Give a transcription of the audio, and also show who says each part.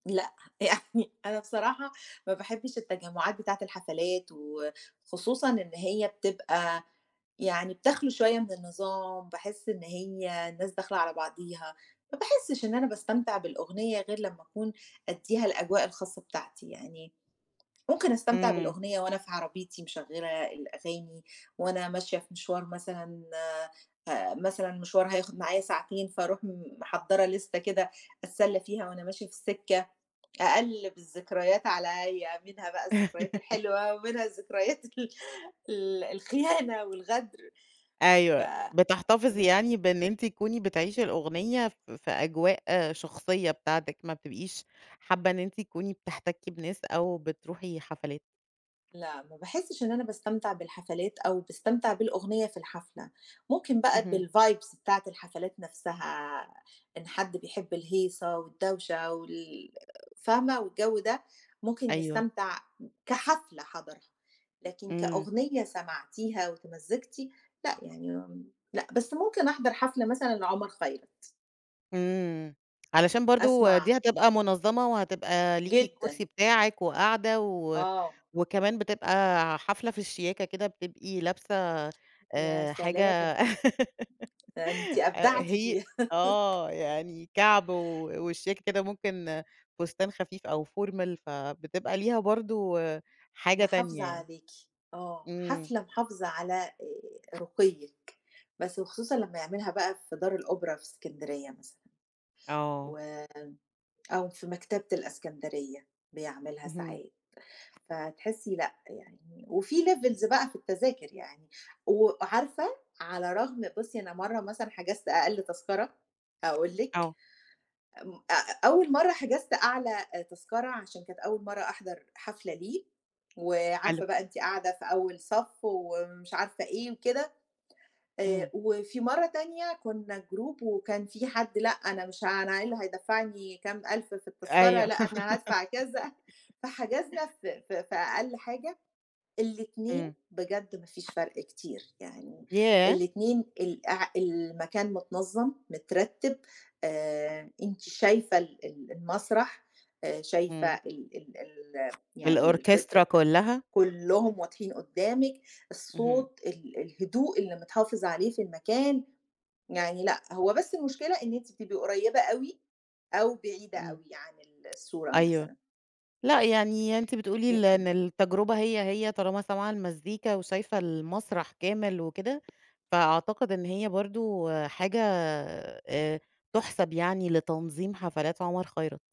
Speaker 1: لأ، يعني أنا بصراحة ما باحبّش التجمُّعات بتاعة الحفلات وخصوصًا إن هي بتبقى يعني بتَخلو شوية من النظام، باحِس إن هي الناس داخلة على بعضيها، ما باحسّش إن أنا باستمتع بالأغنية غير لمّا أكون أدّيها الأجواء الخاصة بتاعتي يعني ممكن أستمتع
Speaker 2: إمم.
Speaker 1: بالأغنية وأنا في عربيتي مشغّلة الأغاني، وأنا ماشية في مشوار مثلًا فمثلًا مشوار هياخُد معايا ساعتين، فاروح م محضّرة لِستة كده أتسلّى فيها وأنا ماشية في السِكَّة، أقلِّب الذكريات عليّا، منها بقى الذكريات الحلوة ومنها الذكريات ال ال الخيانة والغدر. ف
Speaker 2: أيوه. بتحتفظي يعني
Speaker 1: [unintelligible]
Speaker 2: بإن أنتِ تكوني بتعيشي الأغنية ف في أجواء شخصية بتاعتِك، ما بتبقيش حابّة إن أنتِ تكوني بتحتكّي بناس أو بتروحي حفلات.
Speaker 1: لأ، ما باحسِّش إن أنا باستمتع بالحفلات أو باستمتع بالأغنية في الحفلة. ممكن بقي
Speaker 2: اهم.
Speaker 1: بالvibes بتاعة الحفلات نَفْسها، إن حد بيحب الهيصة والدوشة وال فاهمة؟ والجَو ده ممكن
Speaker 2: أيوه.
Speaker 1: يستمتع كحفلة حضَرها، لكن
Speaker 2: إمم.
Speaker 1: كأغنية سمعتيها واتمزِّجتِ، لأ يعني م لأ، بس ممكن أحضَر حفلة مثلًا لعمر خيرت.
Speaker 2: إمم. علشان برضه
Speaker 1: أسمَع
Speaker 2: دي هتبقى منظَّمة وهتبقى ليكِ
Speaker 1: جدًا.
Speaker 2: الكرسي بتاعِك وقاعدة و
Speaker 1: آه.
Speaker 2: وكمان بتبقى ع حفلة في الشياكة كده بتبقي لابسة
Speaker 1: يا
Speaker 2: آآ حاجة
Speaker 1: سلام. ده أنتِ
Speaker 2: آآ
Speaker 1: أبدعتِ
Speaker 2: هي
Speaker 1: فيها.
Speaker 2: آه، يعني كَعْب و وشياكة كده ممكن فستان خفيف أو formal، فبتبقى ليها برضه حاجة
Speaker 1: محافظة
Speaker 2: تانية يعني.
Speaker 1: عليكِ، آه.
Speaker 2: إمم.
Speaker 1: حفلة محافظة على آآ رُقيِّك، بس وخصوصًا لمّا يعملها بقى في دار الأوبرا في إسكندرية مثلًا،
Speaker 2: آه.
Speaker 1: وم أو في مكتبة الإسكندرية بيعملها
Speaker 2: اهم.
Speaker 1: ساعات، فتحسّي لأ، يعني وفي levels بقى في التذاكر يعني. و عارفة على رغم بُصّي، أنا مرّة مثلًا حجزت أقل تذكرة، هاقول لِك
Speaker 2: آه.
Speaker 1: ام أ أول مرّة حجزت أعلى آآ تذكرة عشان كانت أول مرّة أحضَر حفلة ليه،
Speaker 2: حلو.
Speaker 1: وعارفة بقى أنتِ قاعدة في أول صف ومش عارفة إيه وكده، آآ
Speaker 2: إمم.
Speaker 1: وفي مرّة تانية كُنّا group وكان فيه حد: "لأ، أنا مش ها أنا إيه اللي هيدفّعني كام 1000 في التذكرة،
Speaker 2: أيوه.
Speaker 1: لأ، أنا هادفع،" كذا. فحجزنا ف ف في أقل حاجة. الاتنين
Speaker 2: إمم.
Speaker 1: بجد ما فيش فرق كتير، يعني
Speaker 2: ياه!
Speaker 1: الاتنين ال اع المكان متنظَّم، مترتِّب آآ أنتِ شايفة ال ال المسرح، آآ شايفة
Speaker 2: إمم.
Speaker 1: ال ال ال يعني ال كل
Speaker 2: الأوركسترا
Speaker 1: آآ
Speaker 2: كُلّها.
Speaker 1: كُلّهم واضحين قُدّامك،
Speaker 2: اهم.
Speaker 1: الصوت، ال الهدوء اللي متحافظ عليه في المكان، يعني لأ، هو بس المشكلة إن أنتِ بتبقي قريّبة أوي أو بعيدة
Speaker 2: إمم.
Speaker 1: أوي عن الصورة
Speaker 2: أيوه.
Speaker 1: مثلًا.
Speaker 2: لأ، يعني أنتِ بتقولي
Speaker 1: ل
Speaker 2: ل إن
Speaker 1: إمم.
Speaker 2: التجربة هي، هي طالما سامعة المزيكا وشايفة المسرح كامل وكده، فأعتقد إن هي برضه حاجة آآ تُحسَب يعني لتنظيم حفلات عمر خيرت.